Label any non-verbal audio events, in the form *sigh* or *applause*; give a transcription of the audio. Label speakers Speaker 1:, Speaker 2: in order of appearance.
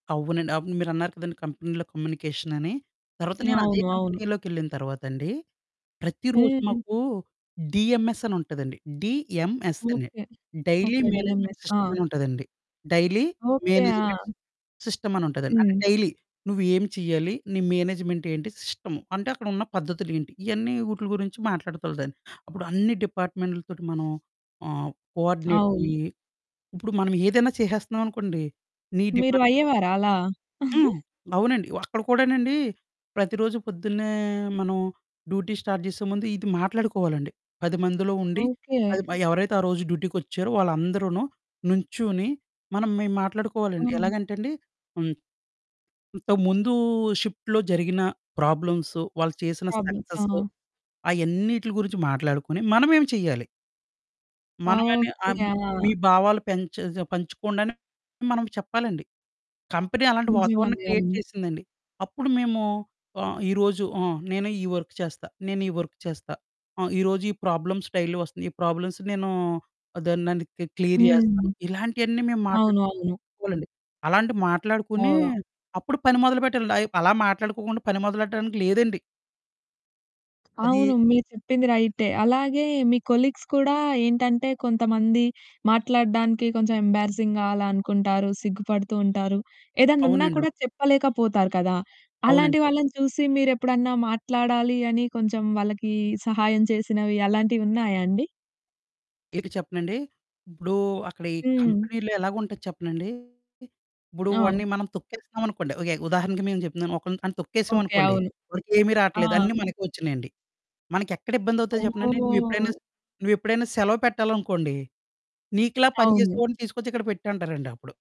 Speaker 1: అవునండి. అప్పుడు మీరున్నారు కదండీ కంపెనీలో కమ్యూనికేషన్ అని. తర్వాత నేను అదే
Speaker 2: అవును. అవును.
Speaker 1: కంపెనీలోకెళ్ళిన తర్వాతండి. ప్రతిరోోజు
Speaker 2: హ్మ్.
Speaker 1: మాకు డిఎంఎస్ అని ఉంటదండి. డి.ఎం.ఎస్. అని.
Speaker 2: Okay.
Speaker 1: Daily
Speaker 2: okay
Speaker 1: management
Speaker 2: DMS. ఆ!
Speaker 1: సిస్టమని ఉంటదండి. Daily,
Speaker 2: okay.
Speaker 1: మేనేజ్‌మెంట్,
Speaker 2: ఆ!
Speaker 1: సిస్టమని ఉంటదండి. అంటే
Speaker 2: హ్మ్.
Speaker 1: డైలీ నువ్వు ఏం చేయాలి? నీ మేనేజ్‌మెంట్ ఏంటి? సిస్టము. అంటే అక్కడ ఉన్న పద్ధతులు ఏంటి? ఇయన్నీ వూటుల గురించి మాట్లాడుతులదండి. అప్పుడు అన్ని డిపార్ట్‌మెంట్లతోటి మనం ఆహ్, కో
Speaker 2: అవును.
Speaker 1: ఆర్డినేటయ్యి ఇప్పుడు మనం ఏదైనా చేసేస్తున్నామనుకోండి. నీ
Speaker 2: మీరు
Speaker 1: డిమాండ్
Speaker 2: అయ్యేవారా అలా?
Speaker 1: హ్మ్.
Speaker 2: *giggles*
Speaker 1: అవునండి. అక్కడ కూడానండి. ప్రతిరోజు పొద్దున్నే మనం డ్యూటీ స్టార్ట్ జేసే ముందు ఇది మాట్లాడుకోవాలండి. 10 మందిలో ఉండి
Speaker 2: ఓకే.
Speaker 1: అది మ ఎవరైతే ఆ రోజు డ్యూటీకొచ్చారో వాళ్ళందరూను నుంచుని. మనం మె మాట్లాడుకోవాలండి.
Speaker 2: హ్మ్.
Speaker 1: ఎలాగంటే అండి హ్మ్ ఇంత ముందు షిఫ్ట్‌లో జరిగిన ప్రాబ్లమ్సు, వాళ్ళు చేసిన
Speaker 2: ప్రాబ్లమ్స్
Speaker 1: సక్సెసు
Speaker 2: ఆ!
Speaker 1: అయన్నిటిల గురించి మాట్లాడుకుని మనమేమి చేయాలి. మనమని ఆ
Speaker 2: ఓకే.
Speaker 1: మీ
Speaker 2: ఆ!
Speaker 1: భావాలు పెంచె స ఆహ్, పంచుకోండని మనం చెప్పాలండి. కంపెనీ అలాంటి వాతావరణం
Speaker 2: నిజమది
Speaker 1: క్రియేట్
Speaker 2: అవును.
Speaker 1: చేసిందండి. అప్పుడు మేము ఆహ్, ఈ రోజు ఆహ్, నేను ఈ వర్క్ చేస్తా. నేనీ వర్క్ చేస్తా. ఆహ్, ఈ రోజు ఈ ప్రాబ్లమ్ స్టైలో వస్తుంది. ఈ ప్రాబ్లమ్స్ నేను అదోనండి క్లి క్లియర్
Speaker 2: హ్మ్.
Speaker 1: జేస్తాను. ఇలాంటియన్నీ మేము
Speaker 2: అవును. అవును.
Speaker 1: మాట్లాడుకోవాలండి. అలాంటియి మాట్లాడుకొని
Speaker 2: ఓహ్!
Speaker 1: అప్పుడు పని మొదలుపెట్టాలండి. అయ అలా మాట్లాడుకోకుండా పని మొదలుపెట్టడానికి లేదండి. అది
Speaker 2: అవును. మీరు చెప్పింది రైటే. అలాగే మీ కొలిగ్స్ కూడా ఏంటంటే కొంతమంది మాట్లాడడానికి కొంచెం ఎంబారిసింగ్‌గా అలా అనుకుంటారు, సిగ్గుపడుతూ ఉంటారు. ఏదనున్నా
Speaker 1: అవునండి. అవును.
Speaker 2: కూడా చెప్పలేకపోతారు కదా!
Speaker 1: అవునండి.
Speaker 2: అలాంటి వాళ్ళని చూసి మీరెప్పుడన్నా మాట్లాడాలి అని కొంచెం వాళ్ళకి సహాయం చేసినవి అలాంటివున్నాయా అండి?
Speaker 1: ఇక చెప్పనండి? ఉప్పుడు అక్కడ ఈ
Speaker 2: హ్మ్.
Speaker 1: కంపెనీలో ఎలాగుంటది చెప్పనండి? ఇప్పుడు
Speaker 2: ఆ!
Speaker 1: వాడిని మనం తొక్కేస్తున్నాం అనుకోండి. ఇలాగె ఉదాహరణకి మేము చెప్తున్నాను. ఒకని గాని
Speaker 2: ఓకే.
Speaker 1: తొక్కేసామనుకోండి.
Speaker 2: అవును.
Speaker 1: వాడికెమీ
Speaker 2: ఆ!
Speaker 1: రాట్లేదు. అన్నీ మనకే వచ్చునాయండి. మనకెక్కడ ఇబ్బందవుతదో చెప్పనా అండి. నువ్వెప్పుడైనా
Speaker 2: ఓహ్!
Speaker 1: స నువ్వెప్పుడైనా సెలవు పెట్టాలనుకోండి. నీకులా పని
Speaker 2: అవును.
Speaker 1: జేసేవోడిని తీసుకొచ్చి ఇక్కడ పెట్టంటారండి అప్పుడు.